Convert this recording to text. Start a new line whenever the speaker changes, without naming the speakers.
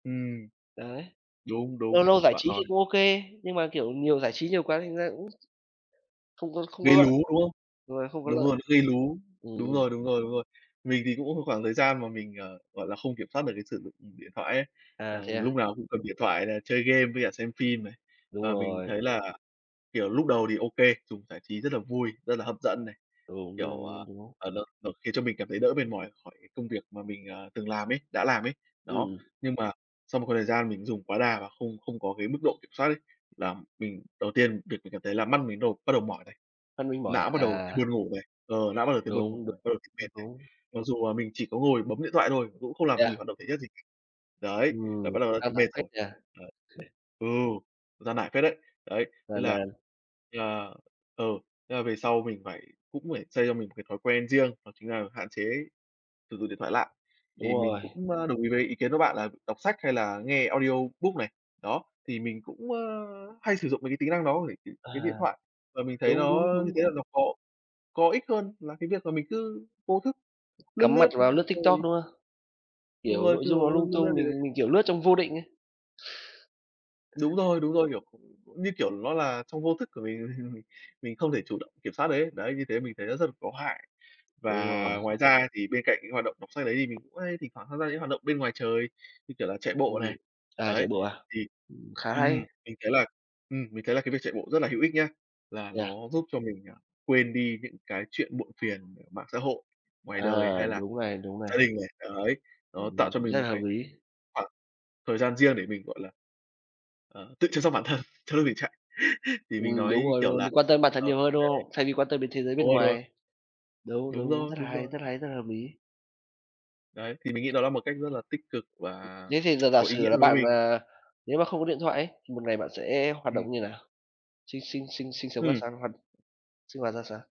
Ừm.
Đấy.
Đúng,
Lâu
đúng,
lâu giải
bạn
trí thì
nói
cũng OK, nhưng mà, kiểu, nhiều giải trí nhiều quá thành ra cũng không có không có
Gây lú,
lợi,
đúng không?
đúng rồi, không có
Đúng
lợi.
rồi, nó gây lú.
Ừm,
Đúng
ừm,
rồi, đúng
ừm.
rồi, đúng rồi. Mình thì cũng một khoảng thời gian mà mình, ờ, gọi là, không kiểm soát được cái sử dụng điện thoại ấy,
À,
là
thế à?
lúc nào cũng cầm điện thoại là chơi game với cả xem phim này.
Đúng
Và mình
rồi.
thấy là, kiểu, lúc đầu thì OK, dùng giải trí rất là vui, rất là hấp dẫn này.
Đúng, đúng,
Kiểu, ờ,
đúng, đúng.
à, nó nó khiến cho mình cảm thấy đỡ mệt mỏi khỏi cái công việc mà mình, à, từng làm ấy đã làm ấy. Đó,
Ừm.
nhưng mà sau một khoảng thời gian mình dùng quá đà và không không có cái mức độ kiểm soát ấy, là mình đầu tiên việc mình cảm thấy là mắt mình đầu bắt đầu mỏi này,
Mắt mình mỏi
não bắt
à?
đầu
À.
thấy buồn ngủ này. Ờ, não bắt đầu thấy buồn
Đúng,
ngủ
đúng,
này, ờ, thấy
đúng.
mệt này. Mặc dù là mình chỉ có ngồi bấm điện thoại thôi, cũng không
Thế
làm gì,
à?
hoạt động thể chất gì. Đấy, là
Ừm
bắt đầu
cũng
đã
căng
thấy mệt
thẳng phết
rồi.
nhỉ?
Đấy. Ừ, gian nải phết đấy. Đấy, thế
Gian
là
nan.
à, ừ, thế là về sau mình phải cũng phải xây cho mình một cái thói quen riêng, đó chính là hạn chế sử dụng điện thoại lại.
Đúng
Thì mình
rồi.
cũng, a, đồng ý với ý kiến của bạn là đọc sách hay là nghe audiobook này. Đó, thì mình cũng, ơ, hay sử dụng mấy cái tính năng đó [unintelligible] cái điện
À.
thoại, và mình thấy
Đúng,
nó
đúng,
như
đúng,
thế là
đúng.
nó có có ích hơn là cái việc mà mình cứ vô thức, lướt
Cắm
lướt
mặt
nhớ,
vào lướt
xong
TikTok,
rồi
đúng không?
Đúng
Kiểu
rồi,
nội
kiểu,
dung nó lung
lướt
tung,
lướt gì
mình
đấy.
mình, kiểu, lướt trong vô định ấy.
Đúng rồi, đúng rồi, kiểu, như kiểu, nó là trong vô thức của mình, mình không thể chủ động kiểm soát được ấy. Đấy, như thế mình thấy nó rất là có hại. Và
Đúng rồi.
ngoài ra thì bên cạnh những hoạt động đọc sách đấy, thì mình cũng hay thỉnh thoảng tham gia những hoạt động bên ngoài trời, như kiểu là chạy bộ này.
Ừm, à,
Đấy,
chạy bộ à?
thì
Ừm, khá hay.
ừm, mình thấy là ừm, mình thấy là cái việc chạy bộ rất là hữu ích nhá. Là
Yeah.
nó giúp cho mình, à, quên đi những cái chuyện muộn phiền ở mạng xã hội, ngoài
À,
đời hay là
đúng này, đúng
gia
này.
đình này. Đấy, nó tạo
Ừm,
cho mình
rất
một
là hợp
cái
lý.
khoảng thời gian riêng để mình, gọi là, ờ, tự chăm sóc bản thân trong lúc mình chạy. Thì mình
Ừm, đúng
nói,
rồi, đúng
kiểu
rồi.
là,
Mình quan tâm bản thân
ờ,
nhiều hơn, đúng
cái
không? Thay vì quan tâm đến thế giới
đúng
bên
rồi, đúng rồi.
ngoài. Đúng, đúng,
Đúng
đúng,
rồi,
rất là
đúng
hay,
rồi.
rất hay, rất hợp lý.
Đấy, thì mình nghĩ đó là một cách rất là tích cực và
Thế thì giờ giả
có ý
sử
nghĩa
là
đối với
bạn,
mình.
à, nếu mà không có điện thoại ấy, thì một ngày bạn sẽ hoạt động
Ừm.
như nào? Sinh sinh sinh sinh sống ra
Ừm.
sao, hoặc sinh hoạt ra sao?